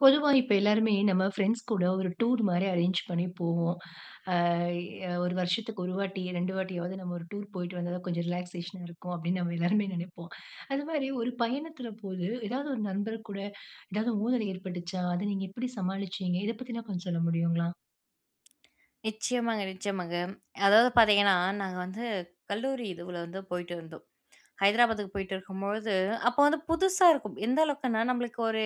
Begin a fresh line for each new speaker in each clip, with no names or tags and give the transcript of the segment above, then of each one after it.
பொதுவா இப்ப எல்லோருமே நம்ம ஃபிரெண்ட்ஸ் கூட ஒரு டூர் மாரி அரேஞ்சு பண்ணி போவோம். அ ஒரு வருஷத்துக்கு 1 வாட்டி, 2 வாட்டியாவது நம்ம ஒரு டூர் போயிட்டு வந்தா தான் கொஞ்சம் ரிலாக்சேஷன் இருக்கும், அப்பிடின்னு நம்ம எல்லாருமே நினைப்போம். அதுமாரி ஒரு பயணத்தில போது ஏதாவது ஒரு நண்பர்கூட, ஏதாவது ஊடல் ஏற்பட்டுச்சா? அத நீங்க எப்பிடி சமாளிச்சீங்க? இத பத்தினா கொஞ்சம் சொல்ல முடியுங்களா?
நிச்சயமாங்க, நிச்சயமாங்க. அதாவது பார்த்தீங்கன்னா, நாங்க வந்து கல்லூரி இதுவுல வந்து போயிட்டுருந்தோம். ஹைதராபாத்துக்கு போயிட்டிருக்கும்பொழுது, அப்போ வந்து புதுசா இருக்கும். எந்த அளவுக்குன்னா, நம்மளுக்கு ஒரு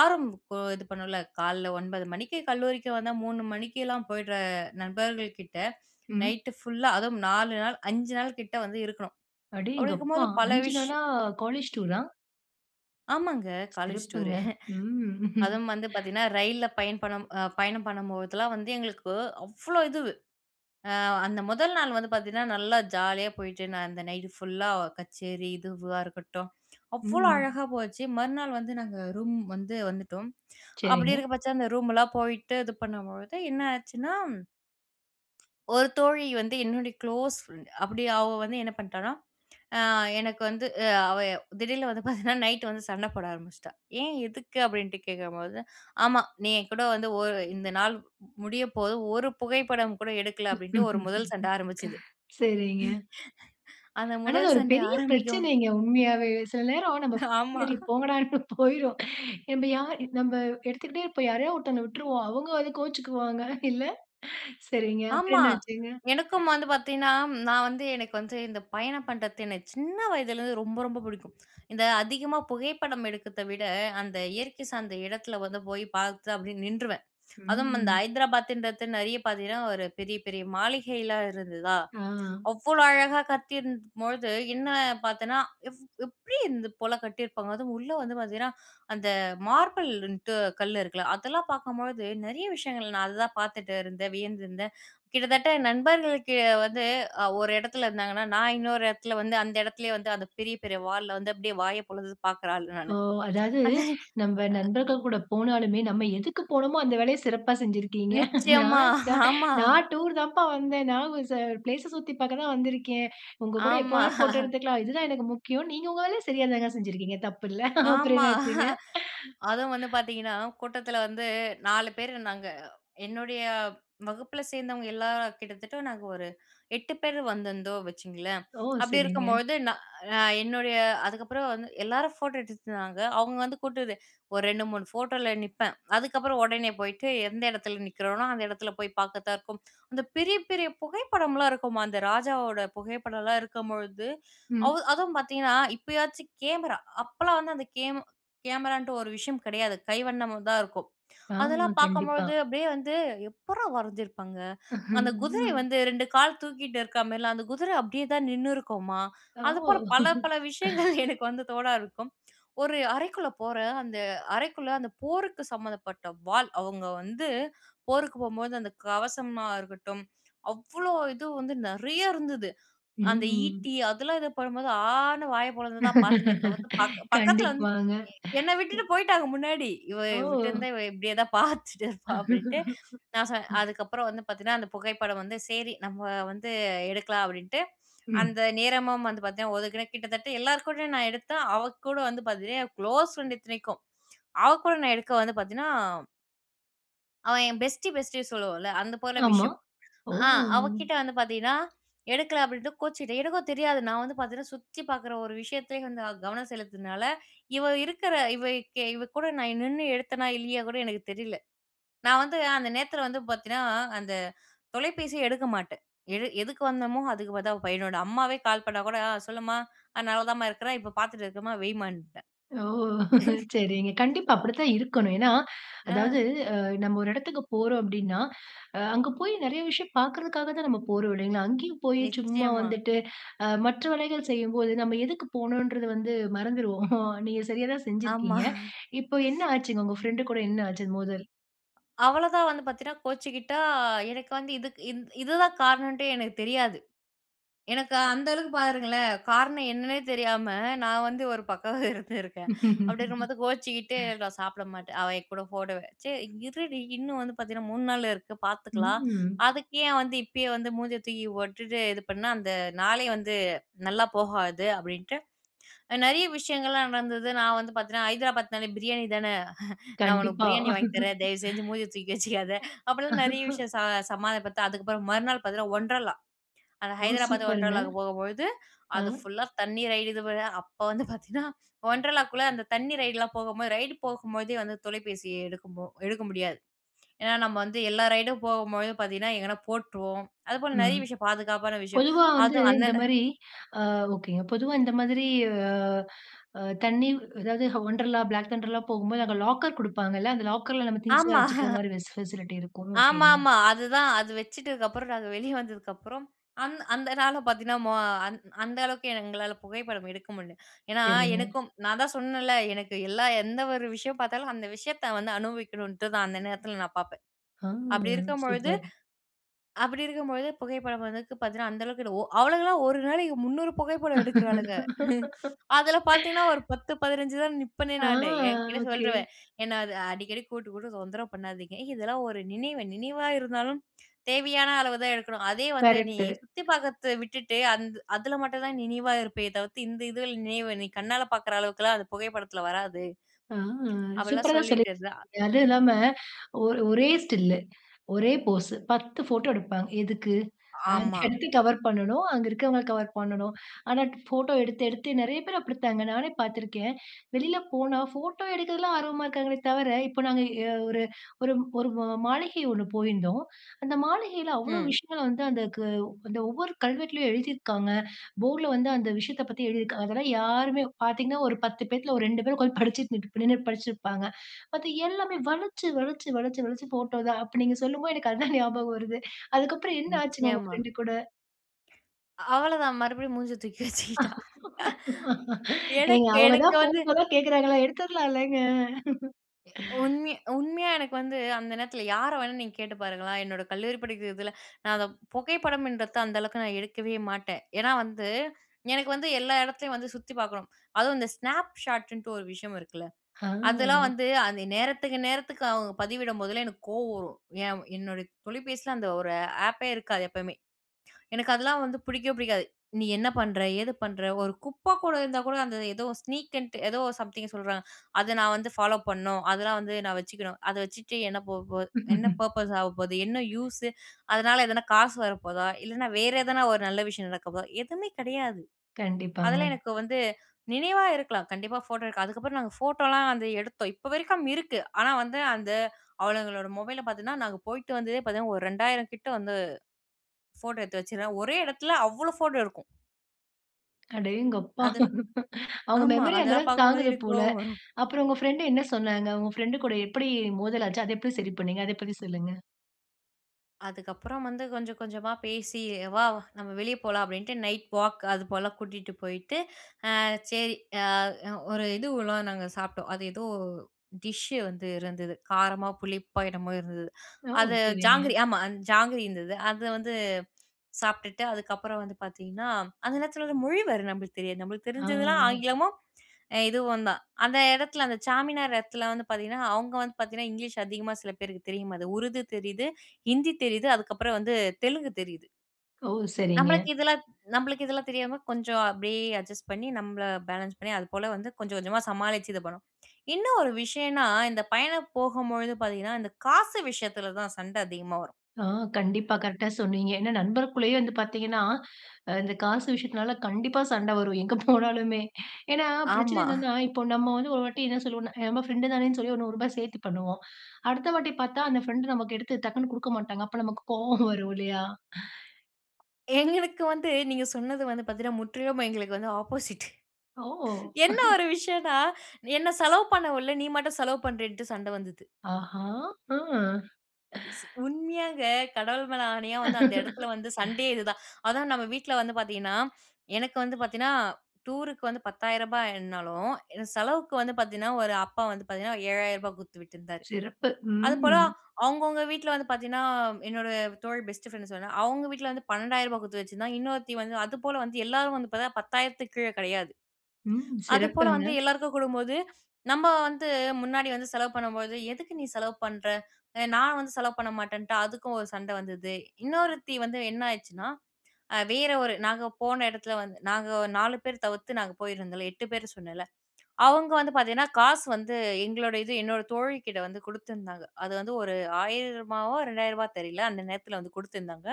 ஆர்வம் இது பண்ணும்ல. காலைல 9 மணிக்கு கல்லூரிக்கு வந்தா, 3 மணிக்கெல்லாம் போயிட்ற நண்பர்கள் கிட்ட
ம்.
நைட்டு ஃபுல்லா, அதுவும் 4 நாள், 5 நாள் கிட்ட வந்து இருக்கணும். அப்பிடி
அடேங்கப்பா!
இருக்கும்போது பல
5
விஷ்
நாளா, காலேஜ் டூரா?
ஆமாங்க. காலேஜ்
சிறப்புங்க.
டூரு.
ம்.
அதுவும் வந்து பார்த்தீங்கன்னா, ரயில்ல பயண் பணும் அ பயணம் பண்ணும்போதெல்லாம் வந்து எங்களுக்கு அவ்ளோ இதுவு. அ அந்த 1 நாள் வந்து பார்த்தீங்கன்னா, நல்லா ஜாலியா போயிட்டு, நான் அந்த நைட்டு ஃபுல்லா கச்சேரி, இதுவா இருக்கட்டும், அவ்ளோ
ம்.
அழகா போச்சு. மறுநாள் வந்து நாங்க ரூம் வந்து வந்துட்டோம். அப்பிடி
சரிங்க.
இருக்க பட்ச அந்த ரூம்லாம் போயிட்டு இது பண்ணும்பொழுது என்ன ஆச்சுன்னா ஒரு தோழி வந்து என்னுடைய க்ளோஸ் ஃப்ரெண்ட். அப்பிடி அவ வந்து என்ன பண்ணிட்டான்னா, அ எனக்கு வந்து அ அவ திடீர்னு வந்து பார்த்தீங்கன்னா, நைட்டு வந்து சண்ட போட ஆரம்பிச்சிட்டா! "ஏன், எதுக்கு?" அப்பிடின்ட்டு கேட்கும்போது, "ஆமா. நீ என்கூட வந்து ஒரு இந்த நாள் முடிய போது, ஒரு புகைப்படம் கூட எடுக்கல." அப்பிடின்ட்டு ஒரு முதல் சண்ட ஆரம்பிச்சிது.
சரிங்க.
அந்த
ஆனா அது
முதல்
ஒரு
சண்டை
பெரிய
ஆரம்பிக்கும்
பிரச்சனைங்க, உண்மையாவே. சில நேரம் நம்ம
ஆமா.
[unintelligible] போங்கடான்னு போயிருவோம். நம்ப யா நம்ப எடுத்துக்கிட்டே இருப்போம், யாரையாவது ஒருதங்கள விட்டுருவோம். அவுங்க வந்து கோவிச்சிக்குவாங்க இல்ல, சரிங்க. அப்புறம்
ஆமா.
என்ன ஆச்சுங்க?
எனக்கும் வந்து பார்த்தீங்கன்னா, நான் வந்து எனக்கு வந்து இந்த பயணம் பண்ணுறது எனக்கு சின்ன வயதிலேருந்து ரொம்ப, ரொம்ப பிடிக்கும். இந்த அதிகமா புகைப்படம் எடுக்கிறதவிட, அந்த இயற்கை சார்ந்த இடத்தில வந்து போய் பார்த்தா, அப்பிடியே நின்றுவேன். அதுவும் அந்த
ம்.
ஹைதராபாதின்றது நிறைய பார்த்தீங்கன்னா ஒரு பெரிய, பெரிய மாளிகைல்லாம் இருந்துதா!
ஆ.
அவ்ளோ அழகா கட்டியிருந்தபொழுது, என்ன பார்த்தேன்னா, "எவ் எப்பிடி இந்த போல கட்டியிருப்பாங்க?" அதுவும் உள்ள வந்து பார்த்தீங்கன்னா, அந்த மார்பிள்னுட்டு கல் இருக்குல்ல அதெல்லாம் பார்க்கும்பொழுது நிறைய விஷயங்கள் நான் அதுதான் பார்த்துட்டு இருந்தேன். வியந்திருந்தேன். கிட்டத்தட்ட நண்பர்களுக்கு வந்து அ ஒரு இடத்துல இருந்தாங்கன்னா, நான் இன்னொரு இடத்துல வந்து அந்த இடத்துலேயே வந்து அந்த பெரிய, பெரிய வால்ல வந்து அப்பிடியே வாய பொளந்துட்டு பார்க்கிற ஆளு
ஓ!
நானு.
அதாவது
அதேன்
நம்ப நண்பர்கள் கூட போனாலுமே, நம்ம எதுக்குப் போனோமோ, அந்த வேலைய சிறப்பா செஞ்சிருக்கீங்க.
நிச்சயமா,
நான் சா
ஆமா.
"நான் டூர் தாம்பா வந்தேன். நான் [unintelligible] ஃபிளேஸ சுத்தி பார்க்க தான் வந்திருக்கிறேன். உங்க கூட எப்ப
ஆமா.
வேணாலும் போட்டோ எடுத்துக்கலாம். இது தான் எனக்கு முக்கியம்." நீங்க உங்க வேலைய சரியா தாங்க செஞ்சிருக்கீங்க. தப்பில்ல. அப்புறம்
ஆமா.
என்ன ஆச்சுங்க?
அதுவும் வந்து பார்த்தீங்கன்னா, கூட்டத்தில வந்து 4 பேரு நாங்க. என்னுடைய வகுப்பில சேர்ந்தவங்க எல்லார கிட்டத்தட்ட நாங்க ஒரு 8 பேர் வந்திருந்தோம், வச்சுக்கோங்களேன்.
ஓ!
அப்பிடி
சரிங்க.
இருக்கும்பொழுது நான் நான் என்னுடைய அதுக்கப்புறம் வந்து எல்லாரும் ஃபோட்டோ எடுத்துட்டிருந்தாங்க. அவுங்க வந்து கூட்டது ஒரு 2, 3 ஃபோட்டோல நிப்பேன். அதுக்கப்புறம் உடனே போயிட்டு எந்த இடத்துல நிக்கிறனோ, அந்த இடத்துல போய் பார்க்கிறதா இருக்கும். அந்த பெரிய, பெரிய புகைப்படமெல்லாம் இருக்குமா! அந்த ராஜாவோட புகைப்படல்லாம் இருக்கம்பொழுது,
ம்.
அவு அதுவும் பார்த்தீங்கன்னா இப்பயாச்சும் கேமரா, அப்பெல்லாம் வந்து அந்த கேம் கேமரான்ட்டு ஒரு விஷயம் கிடையாது. கைவண்ணமா தான் இருக்கும்.
ஆமா.
அதெல்லாம்
கண்டிப்பா.
பார்க்கம்பொழுது அப்பிடியே வந்து, "எப்புட்றா வரஞ்சிருப்பாங்க! அந்த குதிரை
ம்.
வந்து 2 கால் தூக்கிட்டு இருக்கிறமாரில்லாம். அந்த குதிர அப்பிடியே தான் நின்னுருக்கும்மா!" அது போல
ஓ!
பல பல விஷயங்கள் எனக்கு வந்து தோண ஆரம்பிக்கும். ஒரு அறைக்குள்ள போறேன், அந்த அறைக்குள்ள அந்த போருக்கு சம்மந்தப்பட்ட வாள். அவுங்க வந்து போருக்கு போம்போது, அந்த கவசமா இருக்கட்டும், அவ்ளோ இது வந்து நிறையா இருந்தது. அந்த
ம்.
ஈட்டி, அதெல்லாம் இது பண்ணும்போது ஆனு வாய பொளந்துதான் பார்த்தனே தவிர்த்து, பக் பக்கத்தில வந்து
கண்டிப்பாங்க.
என்ன விட்டுட்டு போயிட்டாங்க, முன்னாடி. "இவ
ஓ!
விட்டுருந்தா, இவ இப்பிடியே தான் பார்த்துட்டிருப்பா." அப்பிடின்ட்டு. நான் சொ அதுக்கப்புறம் வந்து பார்த்தீன்னா, அந்த புகைப்படம் வந்து, "சரி, நம்ம வந்து எடுக்கல்லாம்." அப்பிடின்ட்டு.
ம்.
அந்த நேரமும் வந்து பார்த்தீன்னா, ஒதுக்கினேன். கிட்டத்தட்ட எல்லார்கூடயும் நான் எடுத்தேன். அவ கூட வந்து பார்த்தீன்னா, என் குளோஸ் ஃப்ரெண்ட் இத்தனைக்கும். அவ கூட நான் எடுக்க வந்து பார்த்தீன்னா அவன் என் பெஸ்டி பெஸ்டி சொல்லுவோன்ல, அந்த போல
ஆமா.
விஷயம். அ
ஓ!
அவகிட்டே வந்து பாத்தீங்கன்னா எடுக்கல அப்படின்ட்டு கோச்சிக்கிட்டா. எனக்கும் தெரியாது, நான் வந்து பாத்தீங்கன்னா சுத்தி பாக்குற ஒரு விஷயத்தயே வந்து அ கவனம் செலுத்துனால, இவ இருக்குற இவ கெ இவ கூட நான் நின்னு எடுத்தேனா இல்லையா கூட எனக்கு தெரில. நான் வந்து அந்த நேரத்துல வந்து பாத்தீங்கன்னா அந்த தொலைபேசிய எடுக்க மாட்டேன். எடு எதுக்கு வந்தோமோ அதுக்கு பார்த்த, அவ பையனோட, அம்மாவே கால் பண்ணா கூட ஆ சொல்லுமா, அ நல்லா தான்மா இருக்குறேன், இப்ப பாத்துட்ருக்கேமா வைமான்ட்டேன்.
ஓ! சரிங்க. கண்டிப்பா அப்படிதான் இருக்கணும். ஏன்னா, அதாவது
அ.
அ நம்ம ஒரு இடத்துக்கு போறோம் அப்படின்னா, அ அங்க போயி நெறைய விஷயம் பாக்கறதுக்காக தான் நம்ம போறோம் இல்லைங்களா? அங்கயும் போயி சும்மா
நிச்சியமா.
வந்துட்டு அ மற்ற வேலைகள் செய்யும்போது, நம்ம எதுக்கு போனொன்றது வந்து மறந்துருவோம். நீங்க சரியா தான்
ஆமா.
செஞ்சிருக்கீங்க. இப்ப என்ன ஆச்சுங்க? உங்க பிரெண்ட்டு கூட என்ன ஆச்சு மோதல்?
அவள தான் வந்து பாத்தீங்கன்னா கோச்சுக்கிட்டா, எனக்கு வந்து இதுக்கு இது இது தான் காரணோன்டே எனக்குத் தெரியாது. எனக்கு
ஒ.
அந்த அளவுக்கு பாருங்களேன், காரணம் என்னன்னே தெரியாம நான் வந்து ஒரு பக்கம் இருந்துருக்கேன் அப்படி இருக்கும்போது கோச்சுக்கிட்டு நான் சாப்பிட மாட்டேன். அவன் என் கூட போட்டோவ சரி இருடி இன்னும் வந்து பாத்தீங்கன்னா 3 நாள் இருக்கு பாத்துக்கலாம்.
ம்.
அதுக்கு ஏன் வந்து இப்பயே வந்து மூஞ்சிய தூக்கி போட்டுட்டு இது பண்ணா அந்த நாளே வந்து நல்லா போகாது! அப்டின்ட்டு, நெறைய விஷயங்கள்லாம் நடந்தது. நான் வந்து பாத்தீங்கன்னா ஹைதராபாத்னாலே பிரியாணி தானே, "நான் உனக்கு
கண்டிப்பா.
பிரியாணி
ஒ.
வாங்கி தரேன், தயவுசெஞ்சு மூஞ்சிய தூக்கி வச்சிக்காத" அப்படிலாம் நெறைய விஷயம் சா
அ.
சமாதானப்பத்த. அதுக்கப்புறம் மறுநாள் பாத்தீங்கன்னா Wonderla. அந்த
ஓ!
ஹைதராபாத்
சூப்பர்ங்க.
Wonderlaக்கு போகும்பொழுது,
அ.
அது ஃபுல்லா தண்ணி ரைடு இது போல அப்ப வந்து பாத்தீங்கன்னா Wonderlaக்குள்ள அந்த தண்ணீ ரைடுலாம் போகம்பொழுது, ரைடு போகும்பொழுதே வந்து தொலைபேசிய எடுக்கும்போ எடுக்க முடியாது, ஏன்னா நம்ப வந்து எல்லா ரைடும் போகம்பொழுது பாத்தீங்கன்னா எங்கனா போட்ருவோம். அதுபோல நெறைய
ம்.
விஷயம் பாதுகாப்பான விஷயம்,
பொதுவா வந்து
அதும்
இந்த
அன்னன
மாரி ஆ ஒகேங்க. பொதுவா இந்த மாதிரி அ அ தண்ணீ அதாவது Wonderla, Black thunderலா போகும்போது, அங்க லாக்கர் குடுப்பாங்கல்ல, அந்த லாக்கர்ல நம்ம திங்ஸ்ல்லாம்
ஆமா.
வச்சுக்கிற மாரி ஃபெசிலிட்டி இருக்கும். ஒகேங்க.
ஆமாமா. அதுதான். அது வச்சுட்டுதுக்கப்புறம் நாங்க வெளிய வந்ததுக்கப்புறம் அந்த அந்த நாள பாத்தீங்கன்னா மொ அந் அந்த அளவுக்கு எங்களால புகைப்படம் எடுக்க முடில. ஏன்னா
சரிங்க.
எனக்கும் நான் தான் சொன்னேல்ல, எனக்கு எல்லா எந்த ஒரு விஷயம் பாத்தாலும் அந்த விஷயத்த வந்து அனுபவிக்கணுன்ட்டு தான் அந்த நேரத்ல் நான் பாப்பேன்.
அ
அப்படி இருக்கம் பொழுது
சூப்பர்!
அப்படி இருக்கும்பொழுது புகைப்படம் வந்து பாத்தீங்கன்னா அந்த அளவுக்கு எடு ஒ அவளுங்கலாம் ஒரு நாளைக்கு 300 புகைப்படம் எடுக்குறாளுங்க. அதில பாத்தீங்கன்னா ஒரு 10 15 தான் நிப்பனே
ஆ.
நானு என்கிட்ட
ஒகே.
சொல்ருவன் என்ன அது "அடிக்கடி கூட்டு கூட்டு தொந்தர பண்ணாதீங்க. இதெல்லாம் ஒரு நினைவு, நினைவா இருந்தாலும் தேவையான அளவுதான் எடுக்கணும். அதே வந்து நீ
கரெக்ட்டு.
சுத்தி பாக்கர்த்த விட்டுட்டு, அந் அதில மட்டுந்தான் நினைவா இருப்பியே தவித்து, இந்த இது நினைவு நீ கண்ணால பாக்குற அளவுக்குலாம் அது புகைப்படத்துல வராது".
ஆ. சூப்பரா
அப்படிலாம்
தான்
சொல்லிட்டு
சொல்லிருக்கீங்க
இருந்தா
அதும் இல்லாம ஒரு ஒரே ஸ்டில்லு ஒரே போஸு 10 ஃபோட்டோ எடுப்பாங்க. எதுக்கு? அது
ஆமா.
எதுக்கு [unintelligible] கவர் பண்ணணும். அங்க இருக்கவங்கள கவர் பண்ணணும். ஆனா ஃபோட்டோ எடுத்து எடுத்து நெறைய பேரு அப்டித்தாங்க. நானே பாத்துருக்கேன். வெளில போனா ஃபோட்டோ எடுக்குறதுலாம் ஆர்வமா இருக்காங்களே தவர. இப்ப நாங்க எ ஒரு ஒரு ஒரு ம மாளிகை ஒண்ணு போயிருந்தோம். அந்த மாளிகையில அவ்வளோ
ம்.
விஷயங்கள வந்து, அந்த க அந்த ஒவ்வொரு கல்வெட்லயும் எழுதிருக்காங்க. போர்ட்ல வந்து அந்த விஷயத்த பத்தி எழுதிருக்கா, அதெல்லாம் யாருமே பாத்தீங்கன்னா, ஒரு 10 பேத்துல ஒரு 2 பேரு உக்கார்ந்து படிச்சிட்டு நின்ட் நின்னு படிச்சிட்ருப்பாங்க. அது எல்லாமே வலச்சி வலச்சி வலச்சி வலச்சி ஃபோட்டோ தான். அப்ப நீங்க சொல்லும்போது எனக்கு அது தான் ஞாபகம் வருது. அதுக்கப்புறம் என்ன ஆச்சுங்க உங்க
நிச்சியமா.
ஃப்ரெண்ட்டு கூட?
அவ்வள தான் மறுபடியும் மூஞ்ச தூக்கி வச்சுக்கிட்டா
ஏங்க
எனக்கு
அவுங்க
எனக்கு
தான்
வந்து
ஃபோட்டோதா கேட்கறாங்கல்ல! எடுத்துரலாம் இல்லங்க?
எ உண்மைய உண்மையா, எனக்கு வந்து அந்த நேரத்ல யார வேணா நீங்க கேட்டு பாருங்களேன், என்னோட கல்லூரி படிக்கிறதில நான் அத புகைப்படம்ன்றது அந்த அளவுக்கு நான் எடுக்கவே மாட்டேன். ஏன்னா வந்து எனக்கு வந்து எல்லா இடத்துலயும் வந்து சுத்தி பாக்கணும். அதுவும் இந்த Snapchatன்ட்டு ஒரு விஷயம் இருக்குல, அதெல்லாம்
ஆ.
வந்து அந்த நேரத்துக்கு நேரத்துக்கு அவங்க பதிவிடும் போதெல்லாம் எனக்கு கோவம் வரும். ஏன் என்னுடைய தொலைபேசில அந்த ஒரு ஆப்பே இருக்காது எப்பவுமே. எனக்கு அதெல்லாம் வந்து பிடிக்கவே பிடிக்காது. நீ என்ன பண்ணுற, ஏது பண்ணுற, ஒரு குப்ப கூட இருந்தா கூட அந்த ஏதோ ஸ்னீக்குன்ட்டு ஏதோ சம்திங் சொல்றாங்க, அத நான் வந்து ஃபாலோ பண்ணணும், அதெல்லாம் வந்து நான் வச்சுக்கணும். அத வச்சுட்டு என்ன போ போ என்ன பர்ப்பஸ் ஆக போகுது, என்ன யூஸு? அதனால எதனா காசு வரப்போதா, இல்லனா வேற எதனா ஒரு நல்ல விஷயம் நடக்க போதா? எதுமே கிடையாது.
கண்டிப்பாங்க.
அதெல்லாம் எனக்கு வந்து நினைவா இருக்கலாம். கண்டிப்பா ஃபோட்டோ எடுக்க, அதுக்கப்புறம் நாங்க ஃபோட்டோலாம் வந்து எடுத்தோம், இப்ப வரைக்கும் இருக்கு. ஆனா வந்து அந்த அவளுங்களோட மொபைல பார்த்தீங்கன்னா, நாங்க போயிட்டு வந்ததே பார்த்தீங்கன்னா ஒரு 2000 கிட்ட வந்து ஃபோட்டோ எத்து வச்சிகுரா, ஒரே இடத்துல அவ்வளோ ஃபோட்டோ இருக்கும்.
அடேங்கப்பா!
அதில்
அவங்க
ஆமா,
மெமரி அந்த
அதெல்லாம்
அளவுக்கு
பாக்கும்போது
தாங்குது
எனக்கு
போல.
கோவம் வரும்.
அப்பறம் உங்க ஃபிரெண்ட் என்ன சொன்னாங்க? உங்க ஃபிரெண்ட் கூட எப்படி மோதல் ஆச்சு? அத எப்ப சரி பண்ணினீங்க? அத பத்தி சொல்லுங்க.
அதுக்கப்பறம் வந்து கொஞ்சம், கொஞ்சமா பேசி, "வா! நம்ம வெளிய போலாம்." அப்படின்ட்டு, நைட் வாக் அது போல கூட்டிட்டு போயிட்டு, அ சரி, அ ஒரு இதுவல்லாம் நாங்க சாப்பிட்டோம். அது ஏதோ டிஷ்ஷு வந்து இருந்தது. காரமா, புளிப்பா என்னமோ இருந்தது.
ஓ!
அது ஜாங்கிரி.
சரிங்க.
ஆமா, ஜாங்கிரி இருந்தது. அதை வந்து சாப்பிட்டுட்டு, அதுக்கப்பறம் வந்து பாத்தீங்கன்னா, அந்த நேரத்துல வேற மொழி வேற நம்பளுக்கு தெரியாது. நம்பளுக்கு
ஆ.
தெரிஞ்சதெல்லாம் ஆங்கிலமும், இதுவும் தான். அந்த எடத்துல, அந்த சார்மினார் எடத்துல வந்து பாத்தீங்கன்னா, அவங்க வந்து பாத்தீங்கன்னா, இங்கிலீஷ் அதிகமா சில பேருக்கு தெரியும். அது உருது தெரியுது, ஹிந்தி தெரியுது, அதுக்கப்பறம் வந்து தெலுங்கு தெரியுது.
ஓ! சரிங்க.
நம்மளுக்கு இதெல்லாம் நம்மளுக்கு இதெல்லாம் தெரியாம, கொஞ்சம் அப்படியே அட்ஜஸ்ட் பண்ணி, நம்ப பேலன்ஸ் பண்ணி, அது போல வந்து கொஞ்சம், கொஞ்சமாக சமாளிச்சு இது பண்ணோம். இன்னும் ஒரு விஷயம்னா இந்த பயணம் போகும்பொழுது பாத்தீங்கன்னா, இந்த காசு விஷயத்துல தான் சண்டை அதிகமா வரும்.
ஆ கண்டிப்பா. கரெக்டா சொன்னீங்க. ஏன்னா, நண்பர்க்குள்ளேயே வந்து பாத்தீங்கன்னா, இந்த காசு விஷயத்தினால கண்டிப்பா சண்டை வரும், எங்க போனாலுமே. ஏன்னா பிரச்சனை
ஆமா.
என்னன்னா, இப்போ நம்ம வந்து ஒரு வாட்டி என்ன சொல்லுவோம்ன்னா, நம்ம ஃபிரெண்ட் தானேன்னு சொல்லி ஒரு ரூ. 100 சேர்த்து பண்ணுவோம். அடுத்த வாட்டி பார்த்தா, அந்த ஃபிரெண்ட் நமக்கு எடுத்து டக்குனு குடுக்க மாட்டாங்க. அப்ப நமக்கு கோவம் வரும் இல்லையா?
எங்களுக்கு வந்து நீங்க சொன்னது வந்து பாத்தீங்கன்னா, முற்றிலும் எங்களுக்கு வந்து ஆப்போசிட்.
ஓ!
என்ன ஒரு விஷயன்னா, என்ன செலவு பண்ண விடல, நீ மட்டும் செலவு பண்றேன்னுட்டு சண்டை வந்தது.
ஆஹா! அ.
இஸ்ஸு உண்மையாங்க. கடவுள் மேல ஆணையா வந்து, அந்த இடத்துல வந்து சண்டையே இதுதான். அதான் நம்ம வீட்ல வந்து பாத்தீங்கன்னா, எனக்கு வந்து பாத்தீங்கன்னா, டூருக்கு வந்து ரூ. 10,000 என்னாலும், என் செலவுக்கு வந்து பாத்தீங்கன்னா, ஒரு அப்பா வந்து பாத்தீங்கன்னா ரூ. 7,000 குடுத்து விட்டிருந்தார்.
சிறப்பு.
அது போல
ம்.
அவங்கவங்க வீட்ல வந்து பாத்தீங்கன்னா, என்னோட தோழி பெஸ்ட் ஃபிரெண்ட் சொன்னேன்ல, அவங்க வீட்ல வந்து ரூ. 12,000 குடுத்து வச்சிருந்தாங்க, இன்னொருத்தி வந்து அதுபோல வந்து எல்லாரும் வந்து பாத்தா 10,000 கீழ கெடையாது.
ம்.
அது போல
சிறப்புங்க.
வந்து எல்லாருக்கும் குடுக்கும்போது, நம்ம வந்து முன்னாடி வந்து செலவு பண்ணும்போது, எதுக்கு "நீ செலவு பண்ற? அ நான் வந்து செலவு பண்ண மாட்டேன்னுட்டு," அதுக்கும் ஒரு சண்டை வந்தது. இன்னொருத்தி வந்து என்ன ஆயிடுச்சுன்னா, அ வேற ஒரு, நாங்க போன இடத்துல வந்து நாங்க 4 பேர் தவிர்த்து, நாங்க போயிருந்தோம்ல 8 பேர் சொன்னேன்ல. அவங்க வந்து பாத்தீங்கன்னா காசு வந்து, எங்களோட இது என்னோட தோழி கிட்ட வந்து குடுத்துருந்தாங்க. அது வந்து ஒரு ரூ.1,000வோ ரூ.2,000வோ தெரியல. அந்த நேரத்தில் வந்து குடுத்துருந்தாங்க.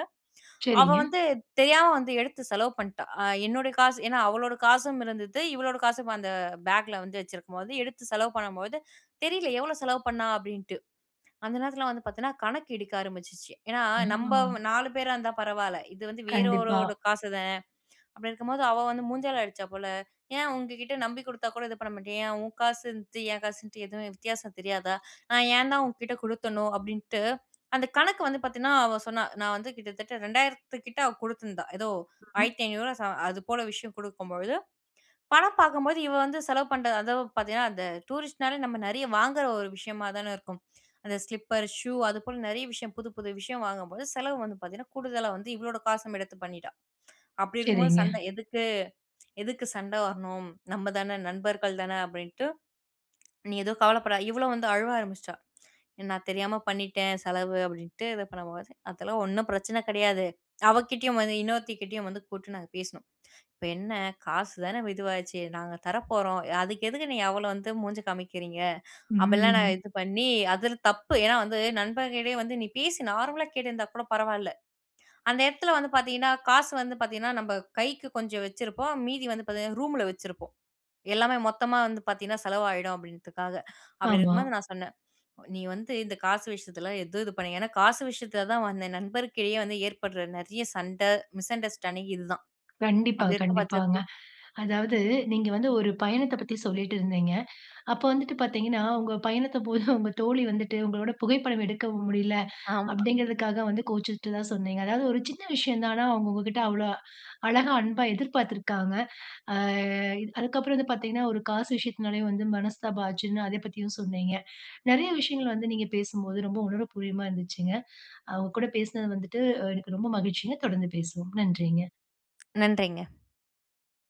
அவ
சரிங்க.
வந்து தெரியாம வந்து எடுத்து செலவு பண்ணிட்டா. அ என்னுடைய காசு, ஏன்னா அவளுடைய காசும் இருந்தது. இவளோட காசும் அந்த பேக்ல வந்து வச்சுருக்கும் போது, எடுத்து செலவு பண்ணும்போது, "தெரியல. எவ்வளோ செலவு பண்ணா?" அப்படின்டு. அந்த நேரத்துல வந்து பாத்தீங்கன்னா, கணக்கு இடிக்க ஆரம்பிச்சுச்சு. ஏன்னா நம்ப
ஆ.
4 பேரா இருந்தா பரவால்ல. இது வந்து வேற
கண்டிப்பா.
ஒருவரோட காசு தான். அப்படி இருக்கும்போது, அவ வந்து மூஞ்சால அடிச்சா போல, "ஏன் உங்க கிட்ட நம்பி குடுத்தா கூட இது பண்ண மாட்டியா? ஏன் உன் காசுன்னுட்டு என் காசுன்ட்டு எதுவும் வித்தியாசம் தெரியாதா? நான் ஏன் தான் உங்க கிட்ட கொடுத்தணோ?" அப்படின்ட்டு. அந்த கணக்கு வந்து பாத்தீங்கன்னா, அவ சொன்னா "நான் வந்து கிட்டத்தட்ட 2,000த்து கிட்ட அவ குடுத்துருந்தா. ஏதோ
[unintelligible]
ரூ.1,500வா ச அது போல விஷயம் குடுக்கும்பொழுது, பணம் பார்க்கும்போது இவ வந்து செலவு பண்ணுற அதுவும் பாத்தீங்கன்னா, அந்த டூரிஸ்ட்னாலே நம்ம நெறைய வாங்குற ஒரு விஷயமா தான இருக்கும். அந்த ஸ்லிப்பர், ஷூ, அது போல நெறைய விஷயம் புது, புது விஷயம் வாங்கும்போது செலவு வந்து பாத்தீங்கன்னா கூடுதலா வந்து இவளோட காசும் எடுத்து பண்ணிட்டா. அப்படி இருக்கும்பொழுது
சரிங்க.
சண்டை. "எதுக்கு? எதுக்கு சண்டை வரணும்? நம்ம தான. நண்பர்கள் தான." அப்படின்ட்டு. "நீ எதுவும் கவலைப்படா". இவளும் வந்து அழுவ ஆரம்பிச்சுட்டா. "நான் தெரியாம பண்ணிட்டேன் செலவு." அப்படின்ட்டு இது பண்ணும்போது, "அதெல்லாம் ஒண்ணும் பிரச்சனை கெடையாது." அவ கிட்டேயும் வந்து, இன்னொருத்தி கிட்டேயும் வந்து கூப்புட்டு நாங்க பேசினோம். "இப்ப என்ன காசு தான வ இதுவாயிச்சு? நாங்க தர போறோம். அதுக்கு எதுக்கு நீ அவ்வளோ வந்து மூஞ்சி காமிக்கிறீங்க?" அப்படிலாம் நாங்க
ம்.
இது பண்ணி, அதில் தப்பு. ஏன்னா வந்து நண்பன் கிட்டயே வந்து, நீ பேசு, நார்மலா கேட்டிருந்தா கூட பரவால்ல. அந்த இடத்துல வந்து பாத்தீங்கன்னா, காசு வந்து பாத்தீங்கன்னா நம்ப கைக்கு கொஞ்சம் வச்சிருப்போம். மீதி வந்து பாத்தீங்கன்னா ரூம்ல வச்சிருப்போம். எல்லாமே மொத்தமா வந்து பாத்தீங்கன்னா, செலவு ஆயிடும் அப்படீன்றதுக்காக. அப்படி
ஆமா.
இருக்கும்போது, நான் சொன்னேன் "நீ வந்து இந்த காசு விஷயத்துல எதுவும் இது பண் ஏன்னா காசு விஷயத்துல தான் வந்து என் நண்பர்க்கிடையில வந்து ஏற்படுற நெறைய சண்டை, மிஸ்அண்டர்ஸ்டேண்டிங் இது தான்.
கண்டிப்பா,
அப்படி இருக்க பட்சத்து
கண்டிப்பாங்க. அதாவது நீங்க வந்து ஒரு பயணத்தைப் பத்தி சொல்லிட்டு இருந்தீங்க. அப்போ வந்துட்டு பாத்தீங்கன்னா, "உங்க பயணத்த போது உங்க தோழி வந்துட்டு உங்களோட புகைப்படம் எடுக்க முடியல."
ஆமா.
அப்படீங்கிறதுக்காக வந்து கோவிச்சுட்டதா சொன்னீங்க. அதாவது ஒரு சின்ன விஷயந்தான். ஆனா, அவங்க உங்ககிட்ட அவ்வளோ அழகா, அன்பா எதிர்பார்த்திருக்காங்க. அ அதுக்கப்பறம் வந்து பாத்தீங்கன்னா, ஒரு காசு விஷயத்தினாலயும் வந்து மனஸ்தாபாம் ஆச்சுன்னு, அதை பத்தியும் சொன்னீங்க. நெறைய விஷயங்கள் வந்து நீங்க பேசும்போது ரொம்ப உணர்வுபூர்வமா இருந்துச்சுங்க. அ உங்க கூட பேசுனது வந்துட்டு, எனக்கு ரொம்ப மகிழ்ச்சிங்க. தொடர்ந்து பேசுவோம். நன்றிங்க.
நன்றிங்க.